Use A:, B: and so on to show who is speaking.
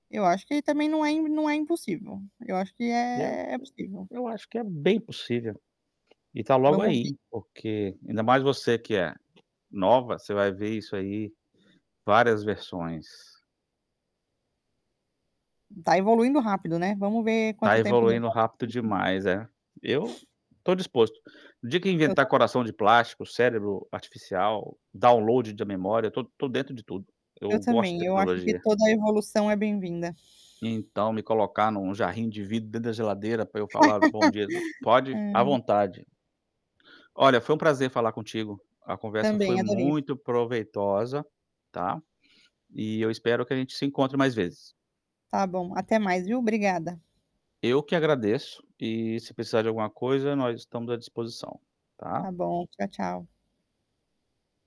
A: Eu acho que também não é não é impossível, eu acho que
B: Eu eu
A: é é possível.
B: eu acho que é bem possível, e tá logo
A: Vamos ver.
B: aí, porque, ainda mais você que é nova, você vai ver isso aí várias versões.
A: Tá evoluindo rápido, né, vamos ver
B: Tá
A: quanto tempo
B: evoluindo
A: demora.
B: rápido demais. É, eu tô disposto. No dia que
A: Eu
B: inventar
A: também.
B: coração de plástico, cérebro artificial, download da memória, tô tô dentro de tudo. Eu
A: Eu
B: gosto de
A: também, eu acho que
B: tecnologia.
A: toda a evolução é bem-vinda.
B: Então me colocar num jarrinho de vidro dentro da geladeira para eu falar: "Bom dia e t" pode à
A: Ai.
B: vontade. Olha foi um prazer falar contigo, a conversa foi
A: Também adorei.
B: muito proveitosa, tá, e eu espero que a gente se encontre mais vezes.
A: Tá bom, até mais viu, obrigada.
B: Eu que agradeço, e se precisar de alguma coisa nós estamos à disposição,
A: Ta
B: tá.
A: bom, tchau, tchau.